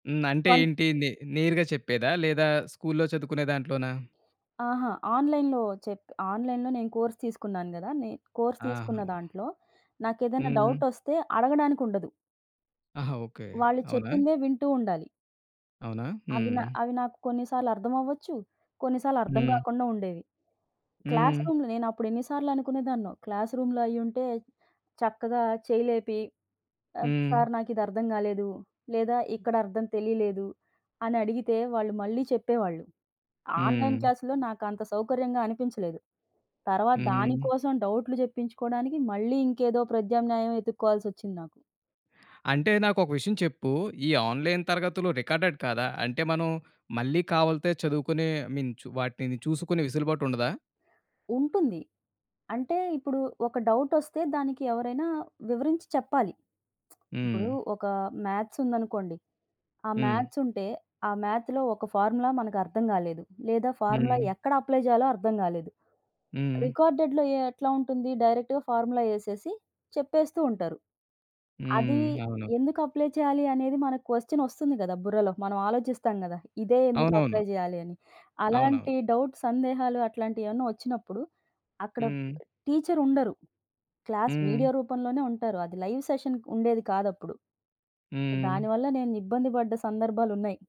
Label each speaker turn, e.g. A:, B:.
A: హ్మ్. అంటే
B: కొన్
A: ఏంటి? నే నేరుగా చెప్పేదా లేదా స్కూల్‌లో చదువుకునే దాంట్లోనా?
B: అహా! ఆన్‍లైన్‍లో చెప్పి ఆన్‍లైన్‍లో నేను కోర్స్ తీసుకున్నాను కదా. నేను కోర్స్
A: ఆహా!
B: తీసుకున్న దాంట్లో నాకు ఏదైనా
A: హ్మ్.
B: డౌటొస్తే అడగడానికి ఉండదు.
A: ఆహా! ఓకె,
B: వాళ్ళు
A: అవునా?
B: చెప్పిందే వింటూ ఉండాలి.
A: అవునా?
B: అవి నా
A: హ్మ్.
B: అవి నాకు కొన్నిసార్లు అర్థమవ్వచ్చు, కొన్నిసార్లు అర్థం
A: హ్మ్.
B: కాకుండా ఉండేవి.
A: హ్మ్.
B: క్లాస్‌రూమ్‌లో నేను అప్పుడు ఎన్ని సార్లు అనుకునేదాన్నో, క్లాస్‌రూమ్‌లో అయ్యి ఉంటే చక్కగా చేయి లేపి, ఆ
A: హ్మ్.
B: సార్ నాకు ఇది అర్థం కాలేదు లేదా ఇక్కడ అర్థం తెలియలేదు అని అడిగితే, వాళ్ళు మళ్ళీ చెప్పేవాళ్ళు. ఆన్‍లైన్
A: హ్మ్.
B: క్లాస్‌లో నాకు అంత సౌకర్యంగా అనిపించలేదు, తర్వాత దాని
A: హ్మ్.
B: కోసం డౌట్‌లు చెప్పించుకోవడానికి మళ్ళీ ఇంకేదో ప్రద్యామ్నాయం వెతుక్కోవాల్సి వచ్చింది నాకు.
A: అంటే నాకు ఒక విషయం చెప్పు. ఈ ఆన్లైన్ తరగతులు రికార్డెడ్‌ కాదా? అంటే మనం మళ్ళీ కావాలిత్తే చదువుకునే, ఐ మీన్ వాటిని చూసుకునే వెసులుబాటు ఉండదా?
B: ఉంటుంది. అంటే, ఇప్పుడు ఒక డౌటొస్తే, దానికి ఎవరైనా వివరించి చెప్పాలి. ఇప్పుడు
A: హ్మ్.
B: ఒక మ్యాథ్స్ ఉందనుకోండి, ఆ
A: హ్మ్.
B: మ్యాథ్స్ ఉంటే, ఆ మ్యాథ్‌లో ఒక ఫార్ములా మనకు అర్థం కాలేదు, లేదా ఫార్ములా
A: హ్మ్.
B: ఎక్కడ అప్లై చేయాలో అర్థం కాలేదు.
A: హ్మ్.
B: రికార్డెడ్‌లో ఎ ఎట్లా ఉంటుంది, డైరెక్ట్‌గా ఫార్ములా ఏసేసి చెప్పేస్తూ ఉంటారు. అది
A: హ్మ్. అవును.
B: ఎందుకు అప్లై చెయ్యాలి అనేది మనకు క్వెశ్చన్ వస్తుంది కదా బుర్రలో, మనం ఆలోచిస్తాం కదా ఇదే ఎందుకు
A: అవునవును.
B: అప్లై చెయ్యాలి అని.
A: అవునవును.
B: అలాంటి డౌట్స్, సందేహాలు, అట్లాంటియి ఏమన్నా వచ్చినప్పుడు, అక్కడ
A: హ్మ్.
B: టీచర్ ఉండరు. క్లాస్
A: హ్మ్.
B: వీడియో రూపంలోనే ఉంటారు. అది లైవ్ సెషన్ ఉండేది కాదు అప్పుడు.
A: హ్మ్.
B: దానివల్ల నేను ఇబ్బంది పడ్డ సందర్భాలున్నయ్.